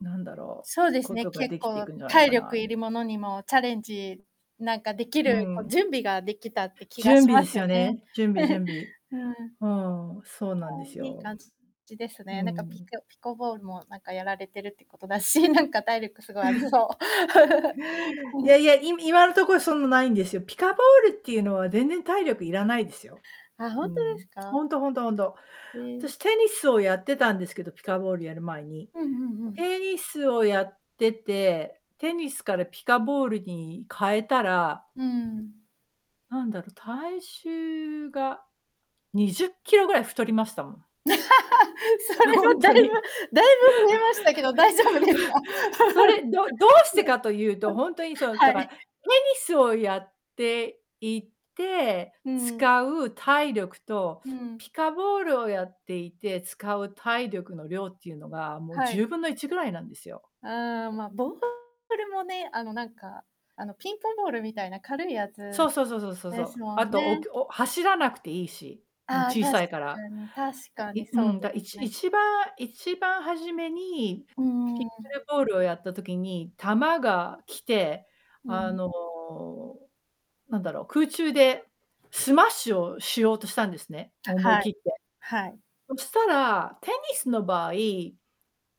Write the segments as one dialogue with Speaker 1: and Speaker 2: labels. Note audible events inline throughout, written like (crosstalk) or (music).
Speaker 1: なんだろ
Speaker 2: そう
Speaker 1: う、
Speaker 2: です
Speaker 1: こ
Speaker 2: ね、
Speaker 1: とがで
Speaker 2: 結
Speaker 1: きてい
Speaker 2: 構
Speaker 1: くんじゃないの
Speaker 2: 体
Speaker 1: か
Speaker 2: 力
Speaker 1: な。
Speaker 2: いるものにもチャレンジ、なんかでき
Speaker 1: う
Speaker 2: る、こう
Speaker 1: ん。
Speaker 2: 準備ができたって気が
Speaker 1: 準
Speaker 2: し
Speaker 1: 備
Speaker 2: ま
Speaker 1: で
Speaker 2: す
Speaker 1: すよ
Speaker 2: よね。
Speaker 1: ね、準備
Speaker 2: (laughs)
Speaker 1: 準備。
Speaker 2: うん。
Speaker 1: うん、そう
Speaker 2: あ
Speaker 1: な
Speaker 2: あ、
Speaker 1: んです
Speaker 2: いい
Speaker 1: よ。
Speaker 2: 感じです
Speaker 1: う
Speaker 2: ね。なんかピ
Speaker 1: ん。
Speaker 2: クピコボールもなんかやられてるってことだし、なんか体力すごいありそ
Speaker 1: (laughs)
Speaker 2: う。
Speaker 1: いやいや、い
Speaker 2: (laughs)
Speaker 1: 今のところそんなないんですよ。ピカボールっていうのは全然体力いらないですよ。
Speaker 2: あ、ほ
Speaker 1: う
Speaker 2: んと
Speaker 1: ん。
Speaker 2: ですか？
Speaker 1: ほんとほんとほんと。
Speaker 2: え。
Speaker 1: 私テニスをやってたんですけど、ピカボールやる前に。
Speaker 2: うんうんうん。
Speaker 1: テニスをやっててテニスからピカボールに変えたら
Speaker 2: うん。
Speaker 1: なんだろ、体重が20kgぐらい太りましたもん。
Speaker 2: (laughs) それ
Speaker 1: ほ
Speaker 2: は
Speaker 1: ん
Speaker 2: だい
Speaker 1: とに。
Speaker 2: ぶだいぶ増えましたけど、大丈夫ですか？
Speaker 1: (laughs)
Speaker 2: (laughs) うん。
Speaker 1: それ、どどうしてかというとほんとにそ
Speaker 2: (laughs)
Speaker 1: の、
Speaker 2: は
Speaker 1: だから、
Speaker 2: い。
Speaker 1: テニスをやっていて
Speaker 2: うん。
Speaker 1: 使う体力と、
Speaker 2: うん。
Speaker 1: ピカボールをやっていて使う体力の量っていうのが、もう
Speaker 2: は
Speaker 1: じゅ
Speaker 2: い。
Speaker 1: うぶんの1ぐらいなんですよ。
Speaker 2: ああ、まあボールもね、あのなんか、あのピンポンボールみたいな軽いや
Speaker 1: そ
Speaker 2: つ
Speaker 1: うそうそうそうそうそ
Speaker 2: で
Speaker 1: う。
Speaker 2: すも
Speaker 1: あ
Speaker 2: ん
Speaker 1: と、お
Speaker 2: ね。
Speaker 1: きょお走らなくていいし。うん、
Speaker 2: ああ、確
Speaker 1: 小さいから。
Speaker 2: かに確
Speaker 1: は
Speaker 2: かに
Speaker 1: いう
Speaker 2: そう
Speaker 1: ん。
Speaker 2: で
Speaker 1: だ一
Speaker 2: すね。
Speaker 1: 一番一番初めに
Speaker 2: う
Speaker 1: ピッ
Speaker 2: ー
Speaker 1: クル
Speaker 2: ん。
Speaker 1: ボールをやった時に球が来て、
Speaker 2: う
Speaker 1: あ
Speaker 2: ん。
Speaker 1: の、なんだろう、空中でスマッシュをしようとしたんですね、思い
Speaker 2: はい。
Speaker 1: 切って。
Speaker 2: はい。
Speaker 1: そしたらテニスの場合、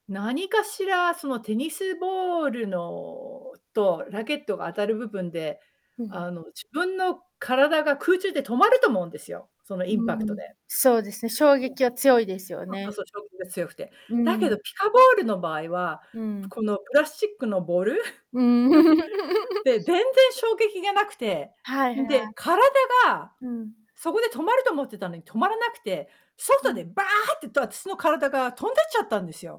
Speaker 1: 何かしらそのテニスボールのとラケットが当たる部分で、
Speaker 2: うん。
Speaker 1: あの自分の体が空中で止まると思うんですよ、そのインパ
Speaker 2: う
Speaker 1: クト
Speaker 2: ん、
Speaker 1: で。
Speaker 2: そうですね、衝
Speaker 1: そ
Speaker 2: 撃は強いですよ
Speaker 1: うそうそう
Speaker 2: ね。
Speaker 1: そう、衝撃が強くて。
Speaker 2: う
Speaker 1: だけ
Speaker 2: ん。
Speaker 1: どピカボールの場合は
Speaker 2: うん。
Speaker 1: このプラスチックのボール？
Speaker 2: うーん。
Speaker 1: (laughs) で、全然
Speaker 2: (laughs) も。
Speaker 1: 衝撃がなくて、
Speaker 2: はい、ひ
Speaker 1: んで
Speaker 2: は。
Speaker 1: 体が
Speaker 2: うん。
Speaker 1: そこで止まると思ってたのに止まらなくて、
Speaker 2: う
Speaker 1: 外で
Speaker 2: ん。
Speaker 1: ばーって、と私の体が飛んでっちゃったんですよ。